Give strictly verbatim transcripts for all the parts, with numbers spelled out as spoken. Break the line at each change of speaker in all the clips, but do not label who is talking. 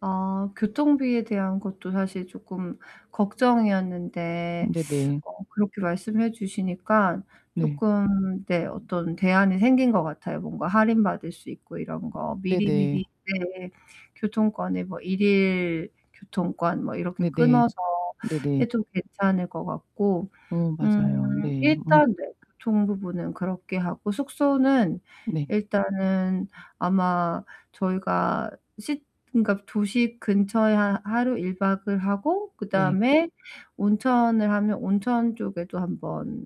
아 교통비에 대한 것도 사실 쪼끔 걱정이었는데,
네 네.
어 그렇게 말씀해 주시니까
네.
쪼끔 네 어떤 대안이 생긴 거 같아요. 뭔가 할인받을 수 있고 이런 거.
네네.
미리미리 네 교통권에 뭐 일 일 교통권 뭐 이렇게
네네.
끊어서
네네.
해도 괜찮을 것 같고
어, 맞아요.
음
네. 음.
일단 네 교통 부분은 그렇게 하고, 숙소는
네.
일단은 아마 저희가 시 그니까 도시 근처에 하 하루 일 박을 하고
네.
그다음에 온천을 하면 온천 쪽에도 한번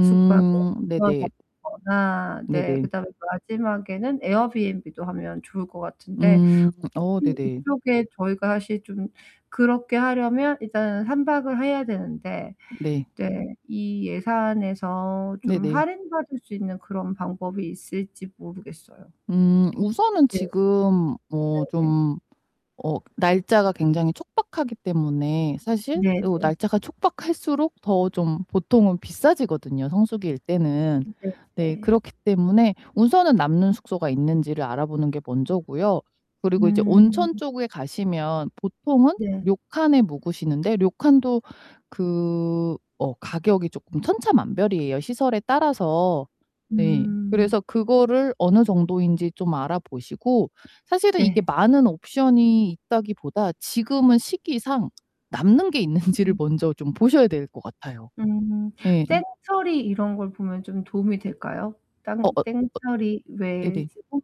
숙박을 껴서
네네.
하거나
네
네.
네.
그다음에 마지막에는 에어비앤비도 하면 좋을 거 같은데
음 어
혹시
네네.
이쪽에 저희가 사실 좀 그렇게 하려면 일단은 삼 박을 해야 되는데
네.
네 이 예산에서 좀
네네.
할인받을 수 있는 그런 방법이 있을지 모르겠어요.
음, 우선은
네.
지금 뭐
네네.
좀 어 날짜가 굉장히 촉박하기 때문에 이거 사실
네네.
날짜가 촉박할수록 더 좀 보통은 비싸지거든요 성수기일때는.
네
네,
네.
그렇기 때문에 우선은 남는 숙소가 있는지를 알아보는 게 먼저고요. 그리고 이제 온천
음.
쪽에 가시면 보통은
네.
료칸에 묵으시는데 료칸도 그 어 가격이 쪼끔 천차만별이에요 시설에 따라서. 네.
음.
그래서 그거를 어느 정도인지 좀 알아보시고. 사실은 이게
네.
많은 옵션이 있다기 보다 지금은 시기상 남는 게 있는지를
음.
먼저 좀 보셔야 될 것 같아요.
음
예.
땡처리 이런 걸 보면 좀 도움이 될까요?
어어
땅
어.
땡처리
네
왜
네.
홈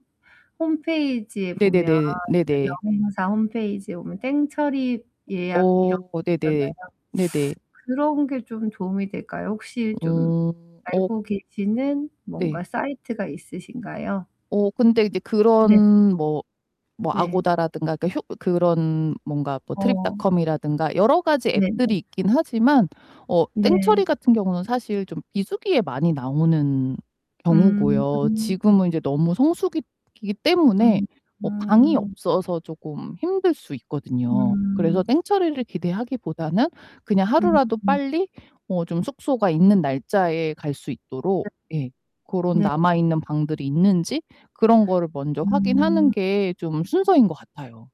홈페이지에 보면
네네네. 네네.
여행사 홈페이지에 보면 땡처리 예약 이런 거
어,
있잖아요.
네네. 네네.
그런 게 좀 도움이 될까요? 혹시 좀
음. 어
알고 계시는
네.
뭔가 사이트가 있으신가요?
어 근데 이제
네.
그런 뭐 뭐
네.
아고다라든가 그러니까 그런
어.
트립닷컴이라든가 여러 가지
네 네.
앱들이 있긴 하지만 어 땡처리
네.
같은 경우는 사실 좀 비수기에 많이 나오는 경우고요.
음.
지금은 이제 너무 성수기이기 때문에
음
어 방이
음.
없어서 쪼끔 힘들 수 있거든요. 그래서
음.
땡처리를 기대하기 보다는 그냥
음
하루라도
음.
빨리 어 좀 숙소가 있는 날짜에 갈 수 있도록
네.
예 그런
네.
남아있는 방들이 있는지 그런 거를 먼저 확인하는
음.
게 좀 순서인 것 같아요.